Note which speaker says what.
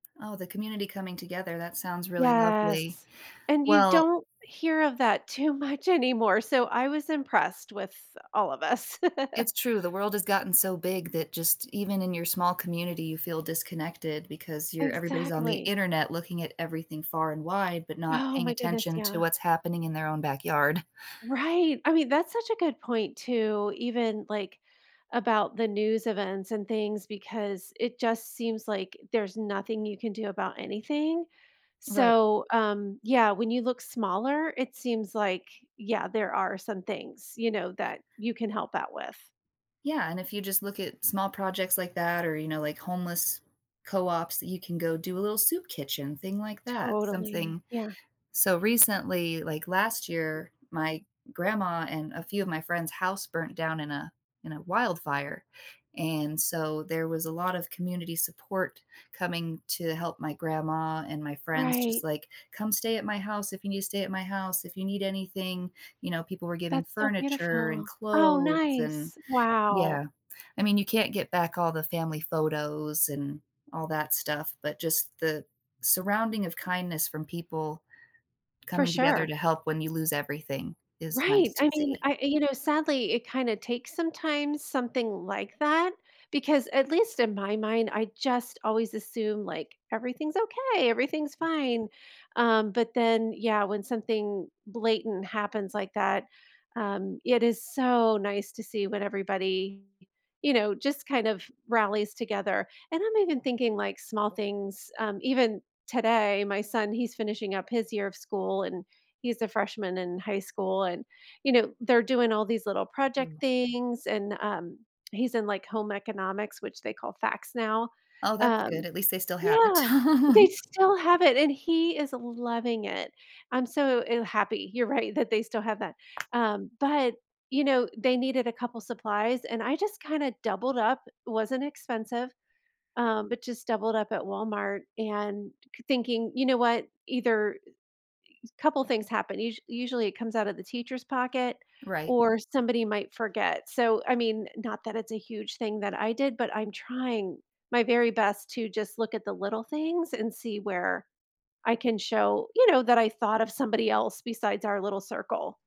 Speaker 1: Oh, the community coming together, that sounds really lovely.
Speaker 2: Yes. And you
Speaker 1: Well
Speaker 2: don't hear of that too much anymore, so I was impressed with all of us.
Speaker 1: It's true, the world has gotten so big that just even in your small community, you feel disconnected because your everybody's on the
Speaker 2: Exactly.
Speaker 1: Internet looking at everything far and wide but not
Speaker 2: Oh
Speaker 1: paying
Speaker 2: my goodness,
Speaker 1: attention to
Speaker 2: yeah.
Speaker 1: what's happening in their own backyard.
Speaker 2: Right! I mean, that's such a good point too, even, like, about the news events and things because it just seems like there's nothing you can do about anything,
Speaker 1: Right.
Speaker 2: so, um yeah, when you look smaller, it seems like yeah, there are some things, you know, that you can help out with.
Speaker 1: Yeah, and if you just look at small projects like that or, you know, like homeless co-ops, you can go do a little soup kitchen, thing like that,
Speaker 2: Totally,
Speaker 1: something
Speaker 2: yeah.
Speaker 1: so, recently, like, last year, my grandma and a few of my friends' house burnt down in a in a wildfire, and so there was a lot of community support coming to help my grandma and my friends just
Speaker 2: Right.
Speaker 1: like, "Come stay at my house if you need to stay at my house, if you need anything," you know, people were giving
Speaker 2: That's so
Speaker 1: furniture and
Speaker 2: beautiful. Oh,
Speaker 1: clothes and
Speaker 2: nice!
Speaker 1: Yeah,
Speaker 2: Wow.
Speaker 1: I mean, you can't get back all the family photos and all that stuff, but just the surrounding of kindness from people
Speaker 2: For
Speaker 1: coming together
Speaker 2: sure.
Speaker 1: to help when you lose everything is nice
Speaker 2: Right!
Speaker 1: to
Speaker 2: I mean,
Speaker 1: see.
Speaker 2: I you know, sadly it kinda takes, sometimes, something like that, because- at least in my mind- I just always assume, like, "Everything's okay, everything's fine," um, but then, yeah, when something blatant happens like that, um, it is so nice to see when everybody, you know, just kind of rallies together, and I'm even thinking, like, small things, um, even today, my son he's finishing up his year of school and he's a freshman in high school, and, you know, they're doing all these little project
Speaker 1: Mm.
Speaker 2: things and, um, he's in, like, home economics, which they call FACS now,
Speaker 1: Oh, that's
Speaker 2: um
Speaker 1: good, at least they still have it.
Speaker 2: Yeah, they still have it, and he is loving it, I'm so, eh, happy you're right that they still have that, um, but, you know, they needed a couple supplies, and I just kinda doubled up, it wasn't expensive, um, but just doubled up at Walmart and thinking, "You know what?" Either i y couple things happen, us usually, it comes out of the teacher's pocket,
Speaker 1: Right.
Speaker 2: or somebody might forget, so, I mean, not that it's a huge thing that I did, but I'm trying my very best to just look at the little things and see where I can show, you know, that I thought of somebody else besides our little circle.